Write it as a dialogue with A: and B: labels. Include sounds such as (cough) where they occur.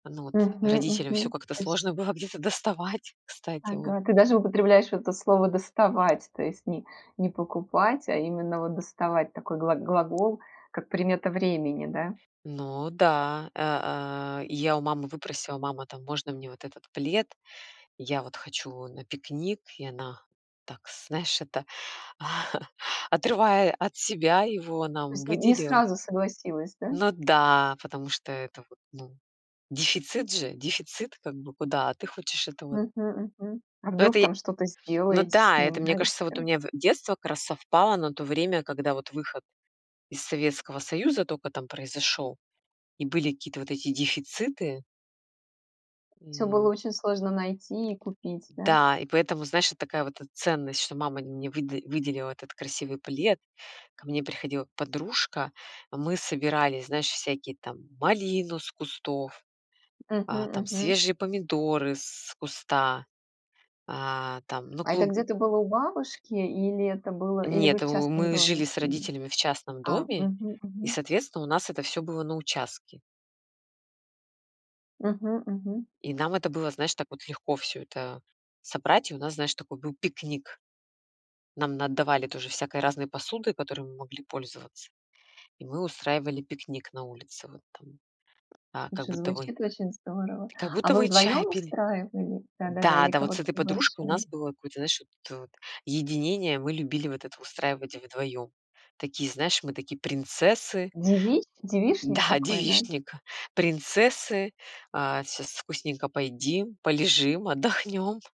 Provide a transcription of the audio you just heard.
A: Ну, вот,
B: Мгм.
A: родителям всё
B: Мгм.
A: как-то
B: То есть.
A: сложно было где-то доставать, кстати вот.
B: Ага, ты даже употребляешь вот это слово доставать, то есть не не покупать, а именно, вот, доставать, такой глаг глагол, как примета времени, да?
A: Ну да, э, а, я у мамы выпросила: "Мама, там, можно мне вот этот плед, я, вот, хочу на пикник". И она так, знаешь, это, (chuckles) отрывая от себя его
B: То
A: нам
B: есть нь не
A: выделила.
B: сразу согласилась, да?
A: Ну да, потому что это вот, ну, дефицит же, дефицит как бы, куда, а ты хочешь это вот.
B: Мгм. Мгм. А
A: Ну
B: вдруг,
A: это и,
B: там, что-то
A: ну
B: сделаете с
A: да, это,
B: ним, да,
A: мне кажется, вот у
B: еще?
A: меня в детство как раз совпало на то время, когда, вот, выход из Советского Союза тока там произошёл, и были какие-то вот эти дефициты.
B: Всё было
A: М.
B: очень сложно найти и купить, да?
A: Да, и поэтому, знаешь, это такая вот, э, ценность, что мама мне выда выделила этот красивый плед, ко мне приходила подружка, а мы собирали, знаешь, всякие там малину с кустов, а,
B: Мгм.
A: там,
B: Мгм.
A: свежие помидоры с куста, а, там, ну,
B: А это
A: клуб
B: где-то было у бабушки или это было, или вы
A: Нет,
B: в
A: у
B: частном
A: мы
B: доме
A: жили с
B: жили?
A: родителями в частном
B: А.
A: доме,
B: Мгм.
A: и,
B: Мгм.
A: соответственно, у нас это всё было на участке.
B: Мгм. Мгм.
A: И нам это было, знаешь, так вот легко всё это собрать, и у нас, знаешь, такой был пикник. Нам наотдавали тоже всякой разной посуды, которой мы могли пользоваться, и мы устраивали пикник на улице, вот там, а, как
B: Слушай,
A: будто вы,
B: звучит очень здорово.
A: как
B: А
A: будто
B: вы
A: вы чай
B: вдвоём
A: пили.
B: устраивали, да-да-да, или
A: Да-да, вот с
B: кого-то
A: этой подружкой у
B: приглашали?
A: нас было какое-то, знаешь, вот это вот, единение, мы любили вот это устраивать вдвоём. Такие, знаешь, мы такие принцессы.
B: Девич девичник
A: Да,
B: такой, да?
A: девичник, принцессы. А сейчас вкусненько поедим, полежим, отдохнём.